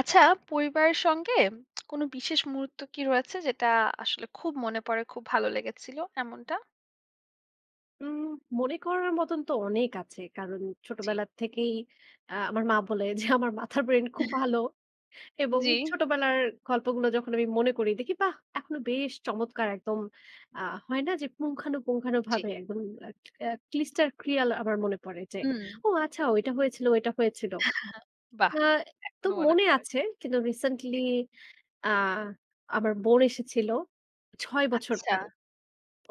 আচ্ছা, পরিবারের সঙ্গে কোনো বিশেষ মুহূর্ত কী রয়েছে? যেটা আসলে খুব মনে পড়ে, খুব ভালো লেগেছিল, এমনটা? উম মনে করার মতন তো অনেক আছে। কারণ জি। ছোটবেলার থেকেই আ আমার মা বলে যে, "আমার মাথার ব্রেইন খুব ভালো" এবং জি। ছোটবেলার গল্পগুলো যখন আমি মনে করি দেখি, বাহ! এখনো বেশ চমৎকার একদম, আ হয় না যে জি। পুঙ্খানুপুঙ্খভাবে একদম উম অ্যা crystal clear। আমার মনে পড়ে যে, হুম। "ও, আচ্ছা ওইটা হয়েছিল, ওইটা হয়েছিল।" বাহ! না তো এখনো মনে মনে পড়ে। আছে। কিন্তু recently জি। আ আমার বোন এসেছিল, ৬ বছর আচ্ছা। পরে,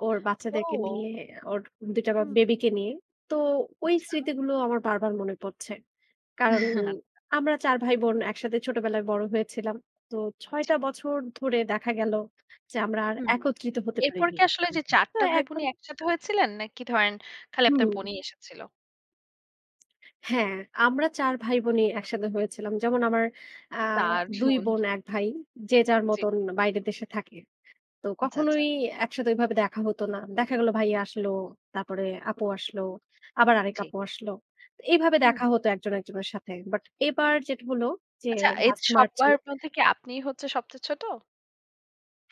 ওর বাচ্চাদেরকে ও। নিয়ে। ওর ২ টা বা হুম। বেবিকে নিয়ে। তো ওই আচ্ছা। স্মৃতিগুলো আমার বারবার মনে পড়ছে। কারণ আচ্ছা। আমরা ৪ ভাই বোন একসাথে ছোটবেলায় বড় হয়েছিলাম। তো ৬ জি। টা বছর ধরে দেখা গেল যে আমরা আর হুম। একত্রিত হতে এরপর পারিনি। কি আসলে যে ৪ তো টা এখন ভাইবোনই একসাথে হয়েছিলেন? নাকি ধরেন, খালি আপনার হুম। বোনই এসেছিল? হ্যাঁ, আমরা ৪ ভাইবোনই একসাথে হয়েছিলাম। যেমন আমার আ তার ২ জন। বোন, ১ ভাই। যে যার জি। মতন বাইরের দেশে থাকে। তো আচ্ছা, আচ্ছা। কখনোই একসাথে ঐভাবে দেখা হতো না। দেখা গেল ভাইয়া আসলো। তারপরে আপু আসলো। আবার আরেক জি। আপু আসলো। তো এইভাবে হুম। দেখা হতো ১ জন ১ জনের সাথে। বাট এবার যেটা হলো যে, আচ্ছা, এই লাস্ট মার্চে সবার মধ্যে কি আপনিই হচ্ছে সবচেয়ে ছোট?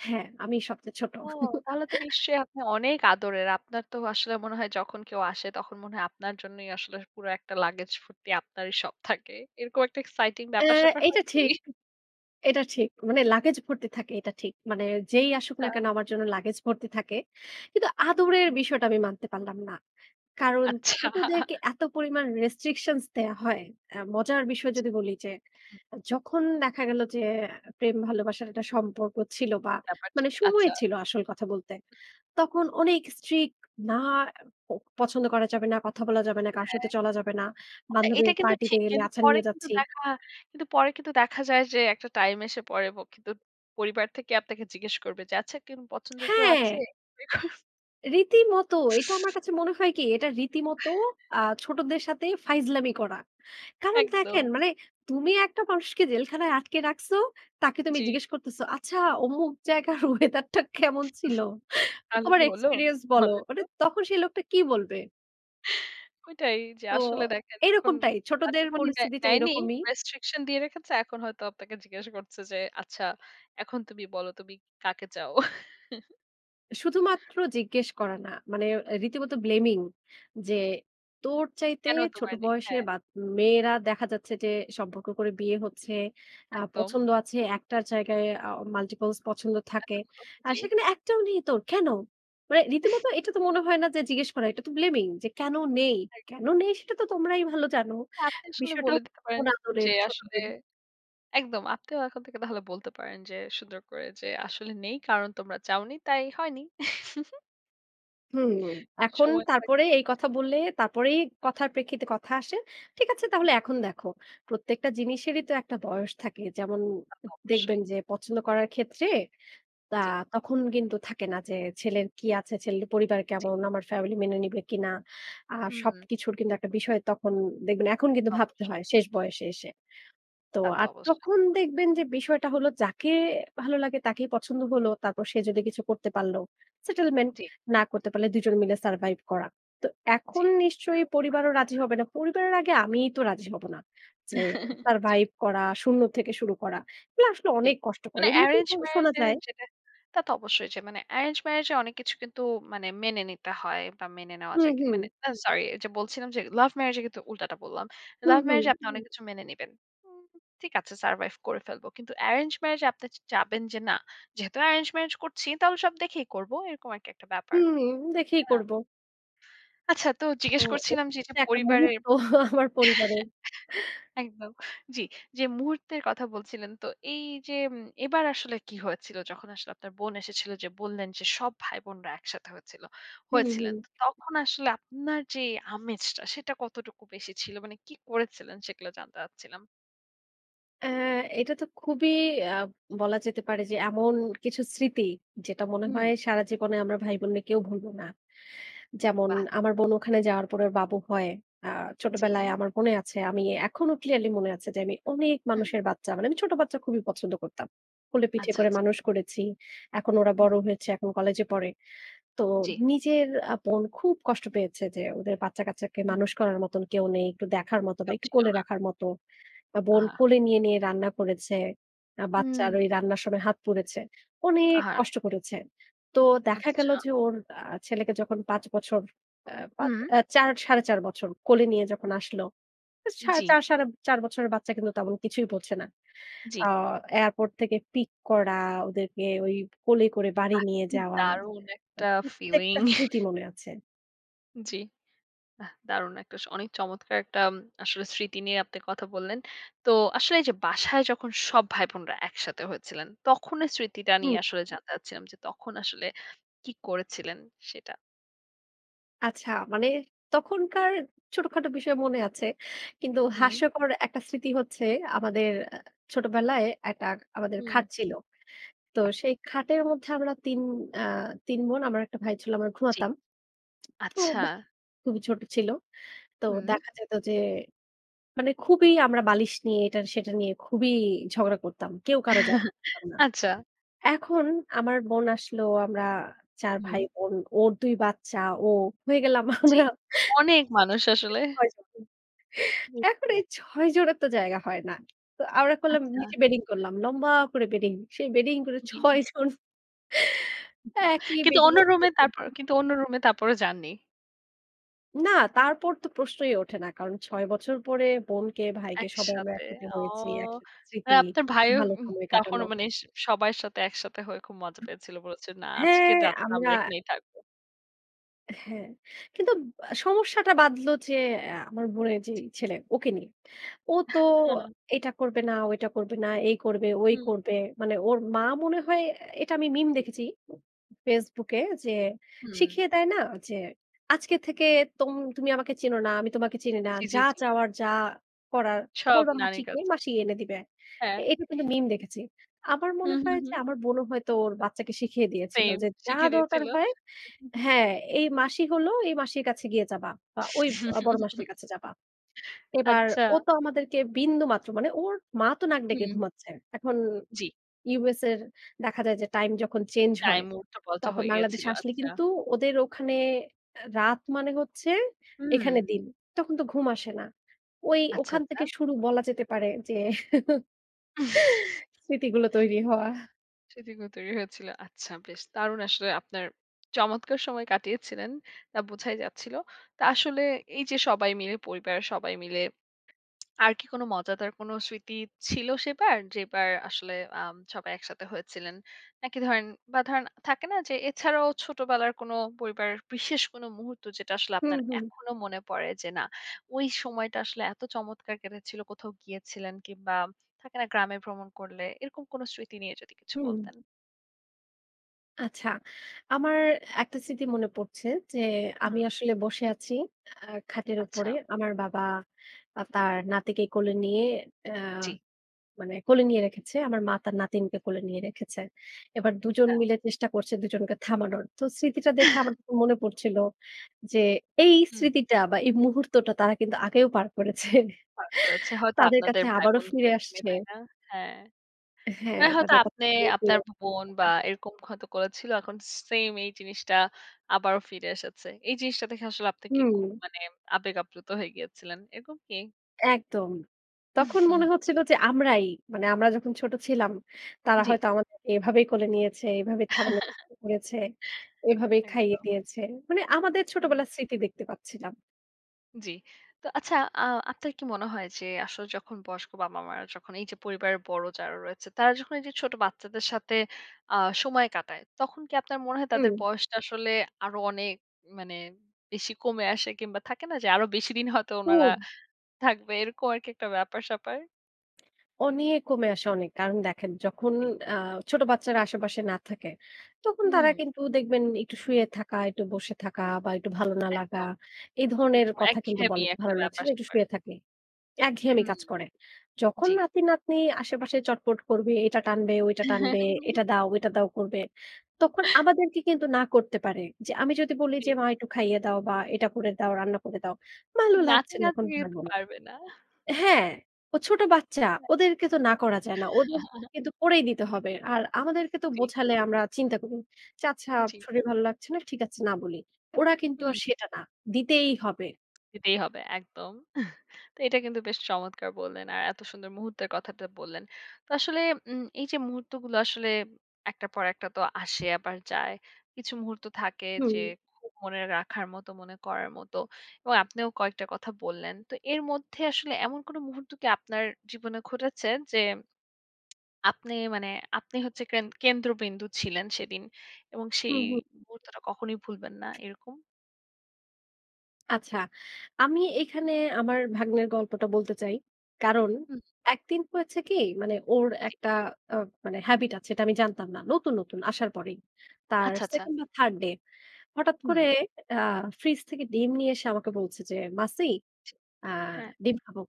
হ্যাঁ, আমিই সবচেয়ে ছোট। ও। তাহলে তো নিশ্চয়ই আপনি অনেক আদরের। আপনার তো আসলে মনে হয়, যখন কেউ আসে তখন মনে হয় আপনার জন্যই আসলে পুরো একটা লাগেজ ফুর্তি আপনারই সব থাকে। এরকম একটা এক্সাইটিং আ ব্যাপার-স্যাপার এইটা হয় কি? ঠিক। এটা ঠিক। মানে লাগেজ ভর্তি থাকে, এটা ঠিক। মানে যেই আসুক না আচ্ছা। কেন আমার জন্য লাগেজ ভর্তি থাকে। কিন্তু আদরের [unintelligible] বিষয়টা আমি মানতে পারলাম না। কারণ, আচ্ছা। ছোটদেরকে এত পরিমাণ restrictions দেয়া হয়। অ্যা মজার বিষয় যদি বলি, যে হু। যখন দেখা গেল যে এ প্রেম ভালোবাসার একটা সম্পর্ক ছিল বা, ব্যাপার মানে ছিল। সময় আচ্ছা। ছিল আসল কথা বলতে। হু। তখন অনেক strict। "না, এ প পছন্দ করা যাবে না, কথা বলা যাবে না। কারো হ্যাঁ, সাথে চলা যাবে না।" এ এইটা বান্ধবীর কিন্তু পার্টিতে ঠিক। গেলে কিন্তু "আচ্ছা, পরে নিয়ে কিন্তু যাচ্ছি।" দেখা কিন্তু পরে কিন্তু দেখা যায় যে, একটা টাইম এসে পড়ে ব কিন্তু পরিবার থেকে আপনাকে জিজ্ঞেস করবে যে, "আচ্ছা, কেউ পছন্দের কেউ আছে?" হ্যাঁ। রীতিমত। এটা আমার কাছে মনে হয় কি, এটা রীতিমত আ ছোটদের সাথে ফাইজলামি করা। কারণ, দেখেন, একদম। মানে তুমি একটা মানুষকে জেলখানায় আটকে রাখসো, তাকে তুমি জি। জিজ্ঞেস করতেছো, "আচ্ছা, অমুক জায়গার ওয়েদারটা কেমন ছিল? তাহলে তোমার কি হলো? এক্সপেরিয়েন্স বলো।" বলেন মানে তো? তখন সে লোকটা কী বলবে? ঐটাই। যে তো আসলে দেখেন, এই তখন রকমটাই। আর ছোটদের জীবনে দেয় পরিস্থিতিটা দেয়নি। এরকমই। রেস্ট্রিকশন দিয়ে রেখেছে। এখন হয়তো আপনাকে জিজ্ঞাসা করছে, যে, "আচ্ছা, এখন তুমি বলো। তুমি কা কাকে চাও?" শুধুমাত্র জিজ্ঞেস করা না। মানে এ রীতিমত blaming, যে, "তোর চাইতে কেন ছোট তোমার দেখতে, বয়সের হ্যাঁ? বাত মেয়েরা দেখা যাচ্ছে, যে সম্পর্ক করে বিয়ে হচ্ছে। আ একদম। পছন্দ আছে। একটার জায়গায় অ multiples পছন্দ থাকে। এতগুলো, আর জি। সেখানে একটাও নেই তোর, কেন?" মানে রীতিমত এটা তো মনে হয় না যে জিজ্ঞেস করা। এটা তো blaming, যে কেন নেই? আই কেন নেই, সেটা তো তোমরাই ভালো জানো। আপনি আসলে বিষয়টা বলে হচ্ছে দিতে পারেন, কোন আদরের যে ছোট আসলে দিন একদম। আপনিও এখন থেকে তাহলে বলতে পারেন যে, সুন্দর করে, যে, "আসলে নেই। কারণ তোমরা চাওনি, তাই হয়নি।" হুম, এখন সময় তারপরে থাকবে। এই কথা বললে, তারপরেই কথার প্রেক্ষিতে কথা আসে। ঠিক আছে? তাহলে এখন দেখো। প্রত্যেকটা জিনিসেরই তো একটা বয়স থাকে। যেমন তা উ তো দেখবেন অবশ্যই। যে, পছন্দ করার ক্ষেত্রে তা জি। তখন কিন্তু থাকে না যে, ছেলের কি আছে, ছেলের পরিবার জি। কেমন, আমার ফ্যামিলি মেনে নিবে কিনা? আর হুম। সবকিছুর কিন্তু একটা বিষয় তখন দেখবেন এখন তা কিন্তু তো ভাবতে অবশ্যই। হয় শেষ বয়সে এসে। তো তা তো আর অবশ্যই। তখন দেখবেন যে বিষয়টা হলো যাকে ভালো লাগে, তাকেই পছন্দ হলো। তারপর সে যদি কিছু করতে পারলো settlement। জি। না করতে পারলে, ২ জন মিলে survive করা। তো এখন জি। নিশ্চয়ই পরিবারও রাজি [unintelligible] হবে না। পরিবারের আগে আমিই তো রাজি হবো না। যে জি। সারভাইভ করা, ০ থেকে শুরু করা। এগুলো আসলে জি। অনেক কষ্টকর। মানে এমনিতেই এরেঞ্জ শোনা ম্যারেজে যায় যেটা তা তো অবশ্যই চাই। মানে এরেঞ্জ ম্যারেজে অনেক কিছু কিন্তু মানে মেনে নিতে হয় বা, মেনে নেওয়া হুম, যায়। কি হুম। মানে সরি যে বলছিলাম যে, লাভ ম্যারেজে কিন্তু উল্টাটা বললাম। হুম, লাভ হুম। ম্যারেজে আপনি অনেক কিছু মেনে নিবেন। উ ঠিক আছে? সারভাইভ করে ফেলবো। কিন্তু এরেঞ্জ ম্যারেজে আপনি চা চাবেন যে, "না, যেহেতু এরেঞ্জ ম্যারেজ করছি, তাহলে সব দেখেই করবো।" এরকম আরকি একটা ব্যাপার। হুম, দেখেই তাই না? করবো। আচ্ছা, তো তো জিজ্ঞেস এই করছিলাম যে এটা হচ্ছে একটা পরিবারে মুহূর্ত আমার পরিবারের। একদম। জি, যে মুহূর্তের কথা বলছিলেন। তো এইযে উম এবার আসলে কী হয়েছিল? যখন আসলে আপনার বোন এসেছিল যে বললেন যে, সব ভাইবোনরা একসাথে হয়েছিল হুম, হুম। হয়েছিলেন? তো তখন আসলে আপনার যে আমেজটা, সেটা কতটুকু বেশি ছিল? মানে কী করেছিলেন সেগুলো জানতে চাচ্ছিলাম। এ এটা তো খুবই আ বলা যেতে পারে যে এমন কিছু স্মৃতি, যেটা মনে হুম। হয় সারা জীবনে আমরা ভাইবোনরা কেউ ভুলবো না। যেমন বাহ! আমার বোন ওখানে যাওয়ার পরে ওর বাবু হয়। আ ছোটবেলায় জি। আমার মনে আছে আমি এখনো clearly মনে আছে, যে আমি অনেক হুম। মানুষের বাচ্চা, মানে আমি ছোট বাচ্চা খুবই পছন্দ করতাম। কোলে পিঠে আচ্ছা, করে আচ্ছা। মানুষ করেছি। এখন ওরা হুম। বড় হয়েছে। এখন কলেজে পড়ে। তো জি। নিজের আ বোন খুব কষ্ট পেয়েছে, যে ওদের বাচ্চা-কাচ্চাকে উম মানুষ হুম। করার মতন কেউ নেই। একটু দেখার মত বা, কেউ একটু ছিল কোলে না। রাখার মতো। বা, বোন আহা! কোলে নিয়ে, নিয়ে রান্না করেছে। আ বাচ্চার হুম। ওই রান্নার সময় হাত পুড়েছে। অনেক আহারে! কষ্ট করেছে। তো দেখা গেল আচ্ছা। যে ওর, আ ছেলেকে যখন ৫ বছর, অ্যা ৫, হুম। এ ৪, ৪.৫০ বছর কোলে নিয়ে যখন আসলো। আ সার জি। ৪, ৪.৫০ বছরের বাচ্চা কিন্তু তেমন কিছুই বোঝে না। আ জি। এয়ারপোর্ট থেকে পিক করা, ওদেরকে ওই কোলে করে বাড়ি বাহ! নিয়ে কি যাওয়া। দারুন আ একটা প্রত্যেকটা ফিলিং। স্মৃতি মনে আছে। জি। বাহ! দারুণ একটা স অনেক চমৎকার একটা আম আসলে স্মৃতি নিয়ে আপনি কথা বললেন। তো আসলে এইযে বাসায় যখন সব ভাই-বোনরা একসাথে হয়েছিলেন, তখনের স্মৃতিটা হুম। নিয়ে আসলে জানতে চাচ্ছিলাম, যে তখন আসলে কী করেছিলেন সেটা? আচ্ছা, মানে তখনকার ছোটখাটো বিষয় মনে আছে। কিন্তু হুম। হাস্যকর একটা স্মৃতি হচ্ছে, আমাদের অ্যা ছোটবেলায় একটা আমাদের খাট হুম। ছিলো। তো সেই খাটের মধ্যে আমরা ৩ আ ৩ বোন, আমার একটা ভাই ছিলো, আমরা জি, ঘুমাতাম। তো আচ্ছা। বোন খুবই ছোট ছিলো। তো হুম। দেখা যেত যে, মানে খুবই আমরা বালিশ নিয়ে এটা সেটা নিয়ে খুবই ঝগড়া করতাম। কেউ কারো জায়গা দিতাম না। আচ্ছা। এখন আমার বোন আসলো, আমরা ৪ ভাই হুম। বোন। ওর ২ বাচ্চা, ও, হয়ে গেলাম জি। আমরা অনেক মানুষ আসলে। ৬ [unintelligible] হুম। এখন এই ৬ জনের তো জায়গা হয় না। তো আমরা করলাম আচ্ছা। নিচে বেডিং করলাম। লম্বা করে বেডিং। সেই বেডিং করে জি। ৬ জন [unintelligible] একই কিন্তু বেডিং অন্য এ রুমে তারপর শুয়েছিলাম। কিন্তু অন্য রুমে তারপরও যাননি। না তারপর তো প্রশ্নই ওঠে না। কারণ, ৬ বছর পরে বোনকে ভাইকে, সবাই আমরা একসাথে। একসাথে ও হয়েছি। একসাথে স্মৃতি, [unintelligible] আপনার ভাইও ভালো উম সময় তখন কাটানো। মানে স সবার সাথে একসাথে হয়ে খুব মজা পেয়েছিলো বলেছে, "না আজকের হ্যাঁ রাতটা আমরা আমরা এখানেই থাকব।" হ্যাঁ, কিন্তু আ সমস্যাটা বাধলো, যে অ্যা আমার বোনের যেই জি। ছেলে, ওকে নিয়ে। ও তো, এটা করবে না, ওইটা করবে না, এই করবে, ঐ হুম। করবে। মানে ওর মা মনে হয়, এটা আমি মিম ঠিক। দেখেছি, Facebook এ যে, হুম। শিখিয়ে দেয় না যে, আজকে থেকে তুম তুমি আমাকে চিনো না, আমি তোমাকে চিনি না। জি, জি, যা জি। চাওয়ার, যা করার সব বলবা মাসি নানির কই, কাছে। মাসি এনে দিবে। হ্যাঁ। এটা কিন্তু মিম দেখেছি। আমার মনে হুম, হুম, হয় যে হুম। আমার বোনও হয়তো ওর বাচ্চাকে শিখিয়ে দিয়েছিলো। সেম যে যা শিখে দরকার দিয়েছিলো হয় হ্যাঁ, এই মাসি হলো, এই মাসির কাছে গিয়ে চাবা। বা ঐ অ বড় মাসির কাছে যাবা। এবার আচ্ছা। ও তো আমাদেরকে বিন্দু মাত্র, মানে ওর মা তো নাক ডেকে হুম। ঘুমাচ্ছে। এখন জি। USA এর দেখা যায়, যে টাইম যখন চেঞ্জ হয়, টাইম উলটাপালটা তখন হয়ে বাংলাদেশে গিয়েছিলো। আসলে আচ্ছা। কিন্তু ওদের ওখানে অ্যা রাত মানে হচ্ছে, এখানে হুম। দিন। তখন তো ঘুম আসে না। ঐ আচ্ছা, ওখান আচ্ছা। থেকে শুরু বলা যেতে পারে যে, স্মৃতিগুলো তৈরি হওয়া। স্মৃতিগুলো তৈরি হয়েছিলো। আচ্ছা, বেশ দারুণ! আসলে আপনার চমৎকার সময় কাটিয়েছিলেন। তা বোঝাই যাচ্ছিলো। তা আসলে এইযে সবাই মিলে পরিবারের সবাই মিলে আর কি কোন মজাদার কোন স্মৃতি ছিল সেবার? যেবার আসলে আম সবাই একসাথে হয়েছিলেন। নাকি ধরেন বা, ধরেন থাকে না যে এছাড়াও ছোটবেলার কোন পরিবারের বিশেষ কোনো মুহূর্ত যেটা আসলে হুম, আপনার হু। এখনো মনে পড়ে যে, না, ওই সময়টা আসলে এতো চমৎকার কেটেছিলো, কোথাও গিয়েছিলেন কিংবা, থাকে না গ্রামে ভ্রমণ করলে, এরকম কোনো স্মৃতি নিয়ে যদি কিছু হুম। বলতেন। আচ্ছা, আমার একটা স্মৃতি মনে পড়ছে যে হুম। আমি আসলে বসে আছি আ খাটের উপরে। আচ্ছা। আমার বাবা আ তার নাতিকে কোলে নিয়ে অ্যা জি। মানে কোলে নিয়ে রেখেছে। আমার মা তার নাতিনকে কোলে নিয়ে রেখেছে। এবার উম দুজন গা মিলে চেষ্টা করছে ২ জনকে থামানোর। তো স্মৃতিটা দেখে আমার মনে তখন পড়ছিলো যে, এই হুম। স্মৃতিটা বা, এই মুহূর্তটা তারা কিন্তু আগেও পার করেছে। পাড় করেছে হয়তো তাদের আপনাদের কাছে ভাই আবারো ফিরে বোনদেরকে নিয়ে, আসছে। তাই না? হ্যাঁ। হ্যাঁ। মানে হয়তো এভাবে আপনে, আপনার [unintelligible] ব বোন বা, সেটা। এরকম হয়তো করেছিলো। এখন সে সেইম এই জিনিসটা আবারও ফিরে এসেছে। এই জিনিসটা দেখে আসলে আপনি কি খুব হুম। মানে আবেগ আপ্লুত হয়ে গিয়েছিলেন, এরকম কি? একদম। তখন মনে হচ্ছিল যে আমরাই, মানে আমরা যখন ছোট ছিলাম, তারা জ্বি। হয়তো আমাদেরকে এভাবেই কোলে নিয়েছে। এভাবেই থাবানক করেছে। এভাবেই খাইয়ে একদম। দিয়েছে। মানে আমাদের হুম। ছোটবেলার স্মৃতি দেখতে পাচ্ছিলাম। জ্বি। তো আচ্ছা আ আপনার কি মনে হয় যে, আসল যখন বয়স্ক বাবা-মারা যখন এই যে পরিবারের বড় যারা রয়েছে, তারা যখন এই যে ছোট বাচ্চাদের সাথে, আ সময় কাটায়। তখন কি আপনার মনে হয় তাদের হুম। বয়সটা আসলে আরো অনেক মানে বেশি কমে আসে? কিংবা থাকে না যে, আরো বেশি দিন হয়তো উনারা খুব। থাকবে? এরকম আরকি একটা ব্যাপার-স্যাপার? অনেক কমে আসে অনেক। কারণ দেখেন যখন, ঠিক। আ ছোট বাচ্চারা আশেপাশে না থাকে, তখন তারা হুম। কিন্তু দেখবেন একটু শুয়ে থাকা, একটু বসে থাকা বা একটু ভালো না লাগা, একদম, এই ধরনের এরকম কথা কিন্তু একঘেয়েমি বলে। একটা "ভালো লাগছে না, একটু ব্যাপার-স্যাপার। শুয়ে থাকি।" একঘেয়েমি হুম, কাজ করে। যখন জ্বি। নাতি-নাতনি আশেপাশে চটপট করবে, এটা টানবে, ওইটা টানবে, এটা দাওটা, ওইটা দাও করবে। তখন আমাদেরকে কিন্তু না করতে পারে। যে আমি যদি বলি যে, জি। "মা একটু খাইয়ে দাও বা এটা করে দাও, রান্না করে দাও।" "ভালো লাগছে না, এখন নাতি-নাত্নি পারব না।" পারবে না। হ্যাঁ, ও ছোট বাচ্চা ওদেরকে তো না করা যায় না। ওদের কিন্তু করেই দিতে হবে। আর আমাদেরকে তো জী। বোঝালে, আমরা চিন্তা করি। যে আচ্ছা জ্বি। শরীর ভাল লাগছে না, ঠিক আছে না বলি। ওরা কিন্তু হুম। আর সেটা না। দিতেই হবে। দিতেই হবে একদম। তো এটা কিন্তু বেশ চমৎকার বললেন! আর এত সুন্দর মুহূর্তের কথাটা বললেন। তো আসলে, উম এই যে মুহূর্তগুলো আসলে একটার পর একটা তো আসে আবার যায়। কিছু মুহূর্ত থাকে হুম। যে খুব মনে রাখার মতো, মনে করার মত। এবং আপনিও কয়েকটা কথা বললেন। তো এর মধ্যে আসলে এমন কোন মুহূর্ত কি আপনার জীবনে ঘটেছে? যে আপনি মানে, আপনি হচ্ছে ক্রান কেন্দ্রবিন্দু ছিলেন সেদিন এবং সেই হুম, হুম। মুহূর্তটা কখনোই ভুলবেন না এরকম? আচ্ছা, আমি এখানে আমার ভাগ্নের গল্পটা বলতে চাই। কারণ, হুম। একদিন হয়েছে কি? মানে ওর জি। একটা আব মানে habit আছে, এটা আমি জানতাম না। নতুন, নতুন আসার পরেই তার আচ্ছা, আচ্ছা। 2nd বা, 3rd ডে। হঠাৎ হুম। করে আ ফ্রিজ থেকে ডিম নিয়ে এসে আমাকে বলছে যে, "মাছি জি। আ হ্যাঁ। ডিম খাবো।"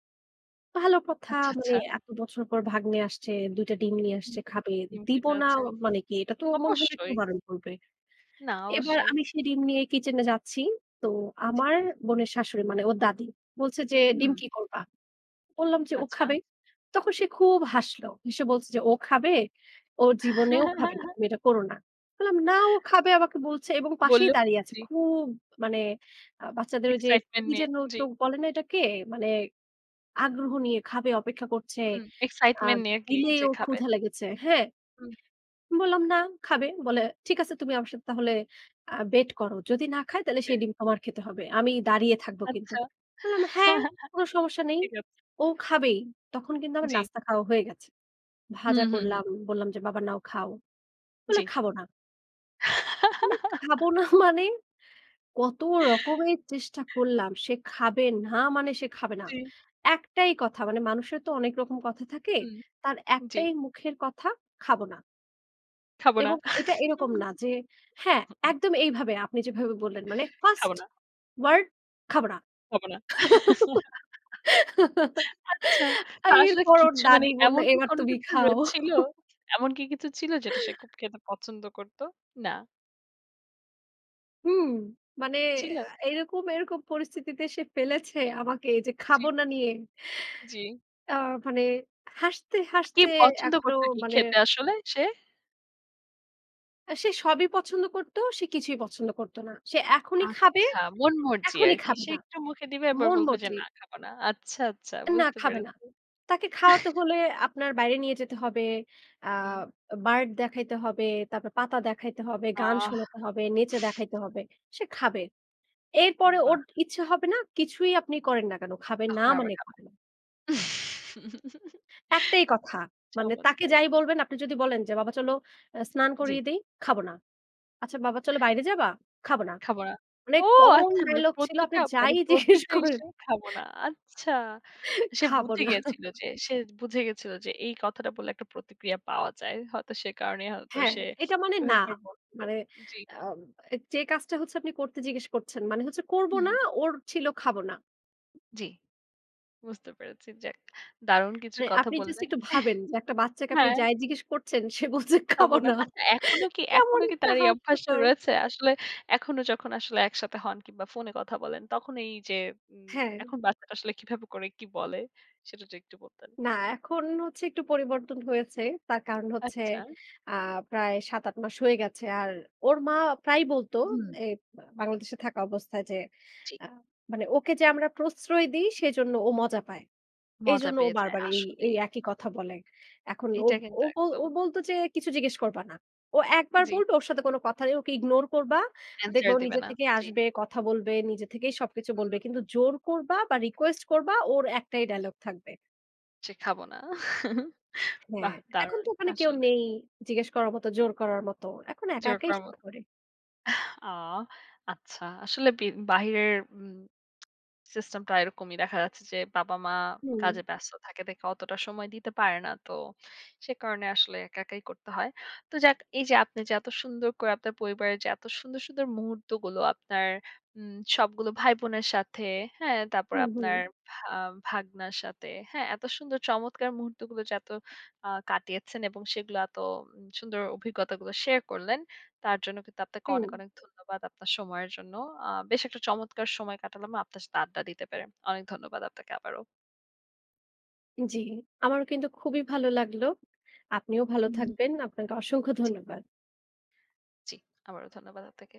ভালো কথা, আচ্ছা, মানে আচ্ছা। এত বছর পর ভাগ্নে আসছে। ২ টা ডিম নিয়ে হুম। আসছে, খাবে। ডিম খেতে দিব না চাচ্ছে। আ মানে কি? এটা তো মনে হয় না অবশ্যই। কেউ বারণ করবে। না, এবার অবশ্যই। আমি সেই ডিম নিয়ে কিচেনে যাচ্ছি। তো জি। আমার বোনের শাশুড়ি, মানে ওর দাদী। বলছে যে, "ডিম হুম। কি করবা?" বললাম যে, "ও আচ্ছা। খাবে।" তখন সে খুব হাসল। হেসে বলছে যে, "ও খাবে? ও জীবনেও খাবে না, তুমি এটা করো না।" বললাম, "না, ও খাবে আমাকে বলছে এবং পাশেই বললো, দাঁড়িয়ে আছে।" জি। খুব মানে আ বাচ্চাদের ঐযে এক্সাইটমেন্ট কি নিয়ে। যেন জি। চোখ বলে না এটাকে? মানে আগ্রহ নিয়ে খাবে অপেক্ষা করছে। হুম। আ এক্সাইটমেন্ট নিয়ে কি দিলেই যে, ওর খাবে। ক্ষুধা লেগেছে। হ্যাঁ? হুম। বললাম, "না, খাবে।" বলে, ঠিক আছে, "তুমি আমার সাথে তাহলে আ bet করো। যদি না খায় তাহলে সেই বেশ। ডিম তোমার খেতে হবে। আমি দাঁড়িয়ে থাকবো কিন্তু।" আচ্ছা। বললাম, "হ্যাঁ, কোনো সমস্যা নেই। ঠিক আছে। ও খাবেই।" তখন কিন্তু আমার জি। নাস্তা খাওয়া হয়ে গেছে। হু, ভাজা হু, হু। করলাম, বললাম যে, "বাবা নাও, খাও।" বললো, জি। "খাবো না।" মানে খাবো না মানে কত রকমের চেষ্টা করলাম। সে খাবে না মানে, সে খাবে না। জি। একটাই কথা। মানে মানুষের তো অনেক রকম কথা থাকে। হুম, তার জি। একটাই মুখের কথা। "খাবো না।" "খাবো না।" এবং এটা এরকম না যে হ্যাঁ, একদম এইভাবে আপনি যেভাবে বললেন, মানে 1st খাবো না। ওয়ার্ড, "খাবো না।" "খাবো না।" আচ্ছা। আর না, আসলে এরপর ওর কিচ্ছু মানে দাদী বললো, এমন কি "এবার কোন তুমি কিছু খাও।" হয়েছিলো এমন কি কিছু ছিলো যেটা সে খুব খেতে পছন্দ করতো? না। হুম। মানে ছিলো? আ এরকম, এরকম পরিস্থিতিতে সে ফেলেছে আমাকে যে, জি। "খাবো না" নিয়ে। জি। আ মানে হাসতে, কিন্তু কি হাসতে পছন্দ এখনো করতো কি মানে খেতে আসলে সে? আ সে সবই পছন্দ করতো, সে কিছুই পছন্দ করতো না। সে এখনই খাবে, আচ্ছা। মন মর্জি এখনই আরকি। খাবে সে না। একটু মুখে দিবে আবার মন বলবে যে, মর্জি। "না, খাবো না।" আচ্ছা, আচ্ছা। না, বুঝতে খাবে না। পেরেছি। তাকে খাওয়াতে হলে আপনার বাইরে নিয়ে যেতে হবে। আ হুম। বা bird দেখাইতে হবে, তারপর পাতা দেখাইতে হবে, গান আহ। শোনাতে হবে, নেচে দেখাইতে হবে। সে খাবে। এরপরে ওর বাহ! ইচ্ছে হবে না, কিছুই আপনি করেন না কেন খাবে না, তখন আবার মানে খাবে। খাবে না। একটাই কথা। মানে তাকে চমৎকার। যাই বলবেন, আপনি যদি বলেন যে, "বাবা চলো এ স্নান জি। করিয়ে দেই।" "খাবো না।" "আচ্ছা বাবা চলো বাইরে যাবা?" "খাবো না।" "খাবো না।" মানে ওহ common আচ্ছা, মানে dialogue ছিলো আপনি প্রতিটা যাই মানে জিজ্ঞেস প্রতিটা করেন ইসে খাবো না। আচ্ছা। তো সে খাবো বুঝে না। গেছিলো যে সে বুঝে গেছিলো যে এই কথাটা বললে একটা প্রতিক্রিয়া পাওয়া যায়। হয়তো সে কারণেই হয়তো হ্যাঁ, সে এটা মানে না। এভাবে করে করে বলছিলো। মানে জি। আব আ যে কাজটা হচ্ছে আপনি করতে জিজ্ঞেস করছেন। মানে হচ্ছে, "করবো হুম। না।" ওর ছিল, "খাবো না।" জি। বুঝতে পেরেছি। যাক। দারুণ কিছু মানে কথা আপনি জাস্ট বললেন। একটু ভাবেন যে একটা বাচ্চাকে আপনি হ্যাঁ। যাই জিজ্ঞেস করছেন, সে বলছে, "খাব "খাবো না।" না।" আচ্ছা এখনো কি কেমন এখনো কি একটা তার এই অভ্যাসটা হাস্যকর রয়েছে? আসলে এখনো যখন আসলে একসাথে হন কিংবা, ফোনে কথা বলেন, তখন এইযে উম হ্যাঁ। এখন বাচ্চাটা আসলে কিভাবে করে কি বলে? সেটা যদি একটু বলতেন। না, এখন হচ্ছে একটু পরিবর্তন হয়েছে। তার কারণ হচ্ছে আচ্ছা। আ প্রায় ৭, ৮ মাস হয়ে গেছে। আর ওর মা প্রায়ই বলতো হুম। এই বা বাংলাদেশে থাকা অবস্থায় যে ঠিক। আ মানে ওকে যে, "আমরা প্রশ্রয় দেই, সেজন্য ও মজা পায়। মজা এইজন্য ও পেয়ে যায় বারবার এই এই আসলেই। একই কথা বলে।" এখন ও এইটা কিন্তু ওব একদম। ও বলতো যে, "কিছু জিজ্ঞেস করবা না। ও একবার জি। বলবে ওর সাথে কোন কথা ই ওকে ইগনোর করবা। দেখবা আন্সার ও দিবে নিজে না। থেকেই জি। আসবে, কথা বলবে, নিজে থেকেই সবকিছু বলবে। হুম। কিন্তু জোর করবা বা, রিকোয়েস্ট করবা। ওর একটাই ডায়ালগ থাকবে।" যে, "খাবো না।" হ্যাঁ। বাহ! এখন তো দারুণ ওখানে কেউ আসলে। নেই জিজ্ঞেস করার মতো, জোর করার মতো। এখন একা, জোর একাই করার সব মতো। করে। আহ অ আচ্ছা। আসলে বি বাহিরের উম সিস্টেমটা এরকমই। দেখা যাচ্ছে যে বাবা-মা হুম। কাজে ব্যস্ত থাকে দেখে অতটা সময় দিতে পারে না। তো সে কারণে আসলে একা, একাই করতে হয়। তো যাক এইযে আপনি যে এতো সুন্দর করে আপনার পরিবারের যে এতো সুন্দর, সুন্দর মুহূর্তগুলো আপনার উম সবগুলো ভাই-বোনের সাথে। হ্যাঁ? তারপরে হুম, হুম। আপনার ভা ভাগনার সাথে। হ্যাঁ? এত সুন্দর চমৎকার মুহূর্তগুলো যে এতো আ কাটিয়েছেন এবং সেগুলো এতো উম সুন্দর অভিজ্ঞতাগুলো শেয়ার করলেন। তার জন্য কিন্তু আপনাকে হুম। অনেক, অনেক ধন্যবাদ আপনার সময়ের জন্য। আ বেশ একটা চমৎকার সময় কাটালাম আপনার সাথে আড্ডা দিতে পেরে। অনেক ধন্যবাদ আপনাকে আবারও। জি। আমারও কিন্তু খুবই ভালো লাগলো। আপনিও ভালো হুম। থাকবেন। আপনাকে অসংখ্য জি। ধন্যবাদ। জি। আবারও ধন্যবাদ আপনাকে।